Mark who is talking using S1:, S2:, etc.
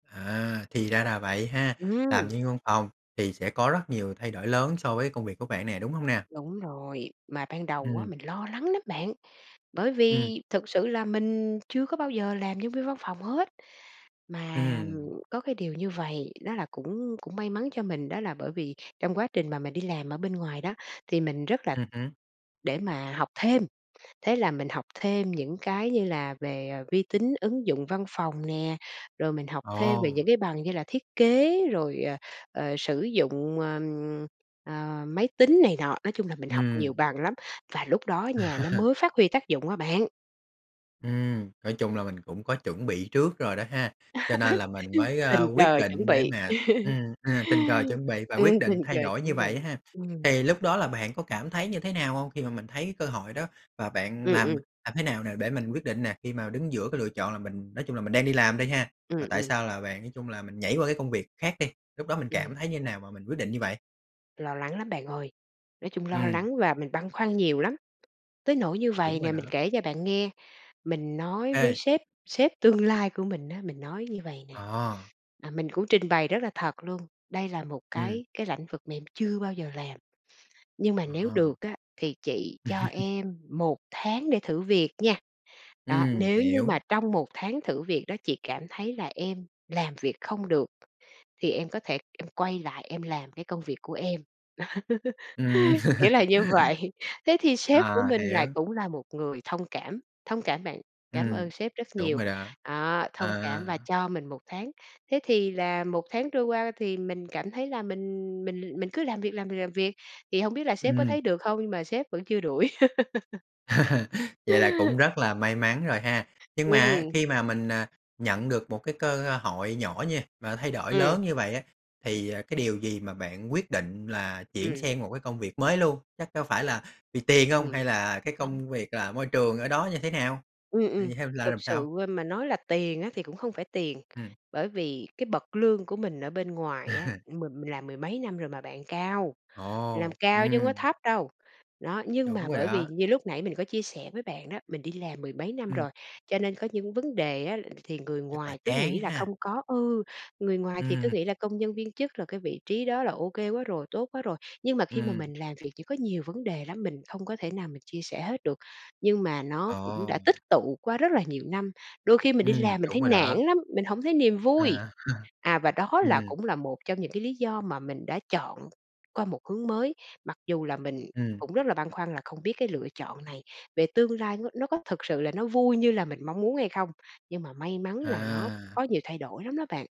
S1: À, thì ra là vậy ha. Làm
S2: Ừm!
S1: nhân viên văn phòng thì sẽ có rất nhiều thay đổi lớn so với công việc của bạn nè, đúng hông nè?
S2: Đúng rồi. Mà ban đầu á,
S1: Ừm.
S2: mình lo lắng lắm bạn. Bởi
S1: Ừm.
S2: vì thực sự là mình chưa có bao giờ làm nhân viên văn phòng hết, mà, ờm,
S1: Ừm.
S2: có cái điều như vầy, đó là, cũng cũng may mắn cho mình, đó là bởi vì trong quá trình mà mình đi làm ở bên ngoài đó, thì mình rất là
S1: Ừm hứm.
S2: để mà học thêm. Thế là mình học thêm những cái như là về, ờ, vi tính ứng dụng văn phòng nè, rồi mình học thêm về
S1: Ồ!
S2: những cái bằng như là thiết kế, rồi, ờ, ờ, sử dụng, ờm, ờ, máy tính này nọ. Nói chung là mình học nhiều
S1: Ừm.
S2: bằng lắm, và lúc đó nha nó mới phát huy tác dụng á bạn.
S1: Ừm. Nói chung là mình cũng có chuẩn bị trước rồi đó ha, cho nên là mình mới, a,
S2: Tình
S1: quyết
S2: cờ chuẩn
S1: định để
S2: bị.
S1: mà ừm, ờ, tình cờ chuẩn bị và
S2: Ừm,
S1: quyết định
S2: tình cờ
S1: thay đổi như
S2: chuẩn
S1: vậy
S2: bị.
S1: ha.
S2: Ừm.
S1: Thì lúc đó là bạn có cảm thấy như thế nào hông khi mà mình thấy cơ hội đó? Và bạn
S2: Ừm,
S1: làm
S2: ừm.
S1: làm thế nào nè để mình quyết định nè, khi mà đứng giữa cái lựa chọn là mình nói chung là mình đang đi làm đi ha mà
S2: Ừm,
S1: tại
S2: ừm.
S1: sao là bạn nói chung là mình nhảy qua cái công việc khác đi? Lúc đó mình cảm
S2: Ừm.
S1: thấy như nào mà mình quyết định như vậy?
S2: Lo lắng lắm bạn ơi! Nói chung lo
S1: Ừm.
S2: lắng và mình băn khoăn nhiều lắm. Tới nỗi như
S1: Đúng
S2: vậy
S1: rồi
S2: nè, mình
S1: đó.
S2: kể cho bạn nghe, mình nói với
S1: Ê.
S2: sếp sếp tương lai của mình á, mình nói như vầy nè,
S1: Ồ.
S2: à, mình cũng trình bày rất là thật luôn: "Đây là một
S1: Ừm.
S2: cái cái lãnh vực mà em chưa bao giờ làm, nhưng mà
S1: Ờ
S2: nếu
S1: ha.
S2: được á, thì chị cho em 1 tháng để thử việc nha. Đó,
S1: Ừm,
S2: nếu như
S1: hiểu.
S2: mà trong 1 tháng thử việc đó chị cảm thấy là em làm việc không được, thì em có thể em quay lại em làm cái công việc của em."
S1: Ừm.
S2: Kiểu là như vậy. Thế thì sếp
S1: À,
S2: của mình lại
S1: hiểu.
S2: cũng là một người thông cảm, thông cảm bạn. Cám
S1: Ừm.
S2: ơn sếp rất
S1: Đúng
S2: nhiều!
S1: rồi đó.
S2: Đó, thông cảm và
S1: À.
S2: cho mình 1 tháng. Thế thì là 1 tháng trôi qua thì mình cảm thấy là mình mình mình cứ làm việc, làm việc, làm việc, thì hông biết là sếp có
S1: Ừm.
S2: thấy được không, nhưng mà sếp vẫn chưa đuổi.
S1: Vậy là cũng rất là may mắn rồi ha. Nhưng mà á
S2: Ừm.
S1: khi mà mình, à, nhận được một cái cơ hội nhỏ nha, mà thay đổi
S2: Ừm.
S1: lớn như vậy á, thì, à, cái điều gì mà bạn quyết định là chuyển
S2: Ừm.
S1: sang một cái công việc mới luôn? Chắc có phải là vì tiền hông, hay
S2: Ừm.
S1: là cái
S2: [unintelligible]
S1: công việc là môi trường ở đó như thế nào?
S2: Ừm, ừm.
S1: Vậy theo là
S2: Thực
S1: làm sao?
S2: sự, ơ, mà nói là tiền á thì cũng không phải tiền,
S1: Ừm.
S2: bởi vì cái bậc lương của mình ở bên ngoài á, mình mình làm mười mấy năm rồi mà bạn, cao, làm
S1: Ồ!
S2: cao chứ hông có
S1: Ừm.
S2: thấp đâu. Đó, nhưng
S1: Đúng
S2: mà
S1: rồi
S2: bởi vì
S1: đó.
S2: như lúc nãy mình có chia sẻ với bạn đó, mình đi làm mười mấy năm
S1: Ừm.
S2: rồi, cho nên có những vấn đề á thì người
S1: Chắc là
S2: ngoài cứ
S1: chán
S2: nghĩ là không
S1: ha.
S2: có, ừ, người ngoài thì cứ
S1: Ừm.
S2: nghĩ là công nhân viên chức là cái vị trí đó là OK quá rồi, tốt quá rồi. Nhưng mà khi mà
S1: Ừm.
S2: mình làm việc chỉ có nhiều vấn đề lắm, mình không có thể nào mà chia sẻ hết được, nhưng mà nó cũng đã
S1: Ồ.
S2: tích tụ qua rất là nhiều năm. Đôi khi mình đi
S1: Ừm,
S2: làm mình
S1: đúng
S2: thấy
S1: rồi
S2: nản
S1: đó.
S2: lắm, mình hổng thấy niềm vui.
S1: À.
S2: À, và đó là
S1: Ừm.
S2: cũng là một trong những cái lý do mà mình đã chọn qua một hướng mới, mặc dù là mình
S1: Ừm.
S2: cũng rất là băn khoăn là không biết cái lựa chọn này về tương lai nó nó có thực sự là nó vui như là mình mong muốn hay không. Nhưng mà may mắn là nó
S1: À!
S2: có nhiều thay đổi lắm đó bạn.